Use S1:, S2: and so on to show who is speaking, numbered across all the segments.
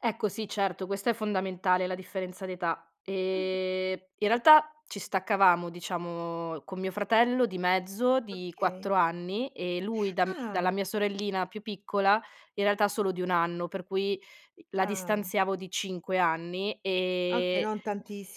S1: Ecco sì, certo, questa è fondamentale, la differenza di età.
S2: Mh-mh.
S1: Ehm, in realtà ci staccavamo, diciamo, con mio fratello di mezzo di
S2: Okay.
S1: 4 anni e lui da m dalla
S2: Ah!
S1: mia sorellina più piccola in realtà solo di 1 anno. Per cui, i la
S2: Ah!
S1: distanziavo di 5 anni
S2: Okay,
S1: e
S2: non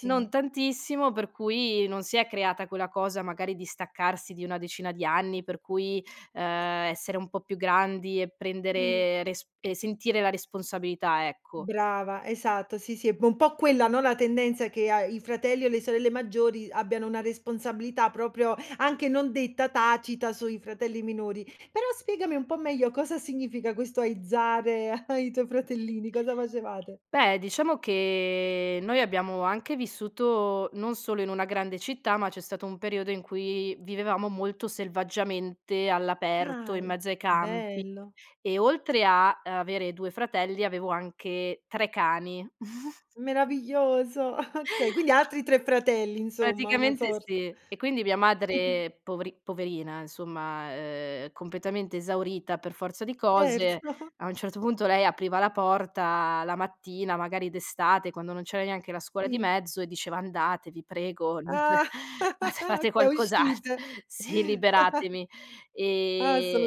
S1: non tantissimo, per cui non si è creata quella cosa, magari, di staccarsi di una decina di anni, per cui, ehm,
S2: E
S1: essere un po' più grandi e
S2: Mh.
S1: prendere resp e sentire la responsabilità, ecco.
S2: Brava, esatto. Sì, sì, è bo po' quella, no, la tendenza che a i fratelli e le sorelle maggiori abbiano una responsabilità, proprio anche non detta, tacita sui fratelli minori. Però spiegami un po' meglio: cosa significa questo aizzare ai tuoi fratellini, cosa facevate?
S1: Beh, diciamo che noi abbiamo anche vissuto, non solo in una grande città, ma c'è stato un periodo in cui vivevamo molto selvaggiamente all'aperto, in
S2: Ai
S1: mezzo ai campi
S2: bello.
S1: e oltre a avere 2 fratelli avevo anche 3 cani.
S2: Meraviglioso! Okay, quindi ha altri 3 fratelli, insomma, una
S1: Praticamente
S2: sorta
S1: sì. E quindi, mia madre povri poverina insomma, ehm, completamente esaurita per forza di cose,
S2: Certo.
S1: a un certo punto lei apriva la porta la mattina, magari d'estate, quando non c'era neanche la scuola di
S2: Sì.
S1: mezzo e diceva: "Andate, vi prego, non c
S2: Ah!
S1: fate fate
S2: Co
S1: qualcos alt"
S2: uscite!
S1: sì! "Liberatemi." Ehm,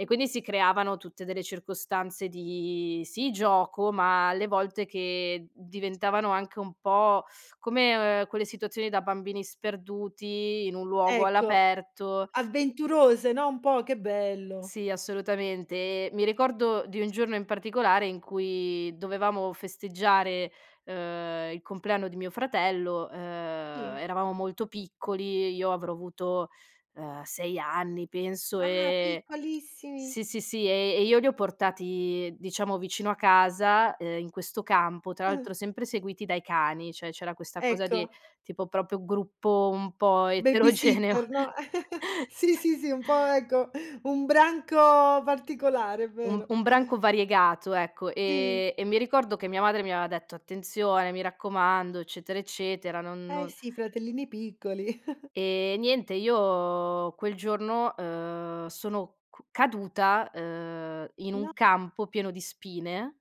S1: e quindi si creavano tutte delle circostanze di, sì, gioco, ma alle volte che diventavano anche un po' come o ehm, quelle situazioni da bambini sperduti in un luogo
S2: Ecco.
S1: all'aperto
S2: Avventurose, no, un po' che bello.
S1: Sì, assolutamente. E mi ricordo di un giorno in particolare in cui dovevamo festeggiare, uhm, i compleanno di mio fratello, uhm,
S2: Sì.
S1: eravamo molto piccoli, e io avrò avuto, uhm, 6 anni, penso e
S2: Ah!
S1: e e
S2: Piccolissimi.
S1: sì, sì, sì, e e io li ho portati, diciamo, vicino a casa, ehm, in questo campo, tra l'altro sempre seguiti dai cani, cioè c'era questa cosa di,
S2: Ecco.
S1: tipo, proprio gruppo un po' eterogeneo!
S2: Babysitter, no, sì,
S1: S
S2: sì, sì, un po', ecco, un branco particolare, è
S1: Um
S2: vero.
S1: un branco variegato, ecco.
S2: Di.
S1: Ehm, e mi ricordo che mia madre mi aveva detto: "Attenzione, mi raccomando, eccetera, eccetera, non
S2: Ah, eh
S1: no"
S2: sì, fratellini piccoli.
S1: Ehm, niente io quel giorno, uhm, sono cu caduta, uhm, in
S2: No.
S1: un campo pieno di spine